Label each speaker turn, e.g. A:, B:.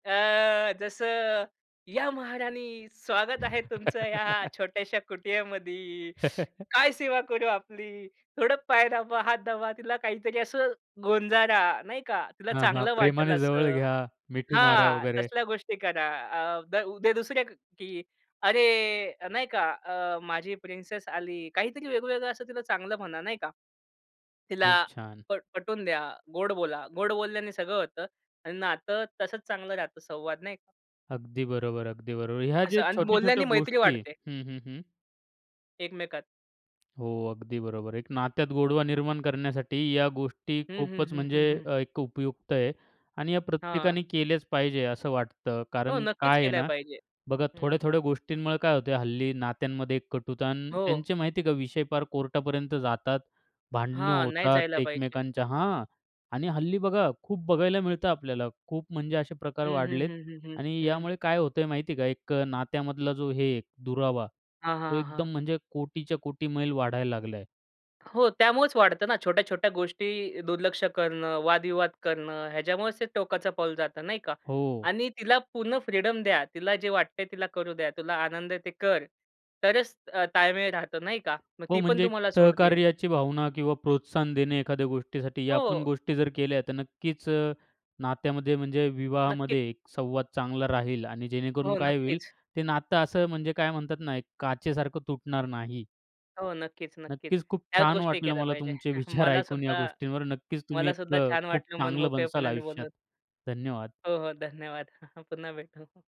A: अ, जसं "या महाराणी, स्वागत आहे तुमचं या छोट्याशा कुटियामध्ये. काय सेवा करू आपली?" थोडं पाय दाबा, हात दाबा, तिला काहीतरी असं गोंजारा, नाही का? तिला
B: हां, हां.
A: चांगलं वाटेल
B: प्रेमाने जवळ
A: असं.
B: घ्या, मिठी मारा
A: हां,
B: वगैरे.
A: तसल्या गोष्टी करा. अ, द उद्या दुसऱ्या की, अरे नाही का, अ, माझी प्रिन्सेस आली. काहीतरी वेगवेगळं असं तिला चांगलं म्हणा, नाही का? तिला
B: खूप छान.
A: पट पटवून द्या, गोड बोला. गोड बोलल्याने सगळं होतं आणि नातं तसंच चांगलं राहतं. संवाद नाही का?
B: अगदी बरोबर, अगदी बरोबर. ह्या
A: असं,
B: जे
A: आणि
B: छोट्या-छोट्या
A: बोलल्याने मैत्री
B: गोष्टी आहे
A: वाढते.
B: हं, हं, हं.
A: एकमेकात.
B: हो, अगदी बरोबर आहे, एक नात्यात गोडवा निर्माण करण्यासाठी या गोष्टी
A: हं, हं,
B: खूपच
A: हं,
B: म्हणजे
A: हं, हं.
B: अ, एक अ, उपयुक्त आहे आणि या
A: हां.
B: प्रत्येकाने केल्याच पाहिजे, असं वाटतं.
A: हो,
B: कारण
A: नक्कीच
B: काय आहे
A: केल्या
B: ना,
A: पाहिजे.
B: बघा
A: हं.
B: थोड्या-थोड्या गोष्टींमुळे काय होतं. हल्ली नात्यांमध्ये एक कटुता आणि
A: हो.
B: त्यांचे माहिती आहे का, विषय फार कोर्टापर्यंत जातात, भांडणं
A: हां, नाही
B: होतात
A: जायला पाहिजे.
B: एकमेकांच्या हां, आणि हल्ली बघा खूप बघायला मिळतं आपल्याला, खूप म्हणजे असे प्रकार
A: हं, हं,
B: वाढलेत
A: हं, हं.
B: आणि
A: हं.
B: यामुळे काय होतंय माहिती आहे का, एक अ, नात्यामधला जो हे आहे, दुरावा.
A: हां,
B: तो
A: हां,
B: एकदम
A: हां.
B: म्हणजे कोटीच्या-कोटी मैल वाढायला लागलाय.
A: हो, त्यामुळेच वाढतं ना, छोट्या-छोट्या गोष्टी दुर्लक्ष करणं, वादविवाद करणं, याच्यामुळेच ते टोकाचं पाऊल जातं, नाही का?
B: हो.
A: आणि तिला पूर्ण फ्रीडम द्या. तिला जे वाटतंय तिला करू द्या. तुला आनंद आहे ते कर, तरच अ, ताळमेळ राहतं नाही का? मग
B: हो,
A: ती पण
B: म्हणजे एक
A: तुम्हाला सोडतील.
B: सहकार्याची भावना किंवा प्रोत्साहन देणे एखाद्या गोष्टीसाठी, या आपण
A: हो.
B: गोष्टी जर केल्या तर नक्कीच अ, नात्यामध्ये, म्हणजे
A: नक्की.
B: विवाहामध्ये संवाद चांगला राहील आणि जेणेकरून
A: हो,
B: काय होईल,
A: नक्कीच.
B: ते नातं असं, म्हणजे काय म्हणतात ना? एक काचेसारखं तुटणार नाही.
A: हो, नक्कीच, नक्कीच.
B: नक्कीच खूप
A: त्याच
B: छान
A: गोष्टी
B: वाटलं
A: केल्या
B: मला
A: पाहिजे.
B: तुमचे विचार ऐकून या
A: मलासुद्धा
B: गोष्टींवर. नक्कीच तुम्ही एक
A: मलासुद्धा
B: अ,
A: छान
B: खूप
A: वाटलं
B: चांगलं बनसाल
A: मनमोकळेपणाने
B: आयुष्यात.
A: बोलून.
B: धन्यवाद!
A: हो, हो, धन्यवाद! पुन्हा भेटू.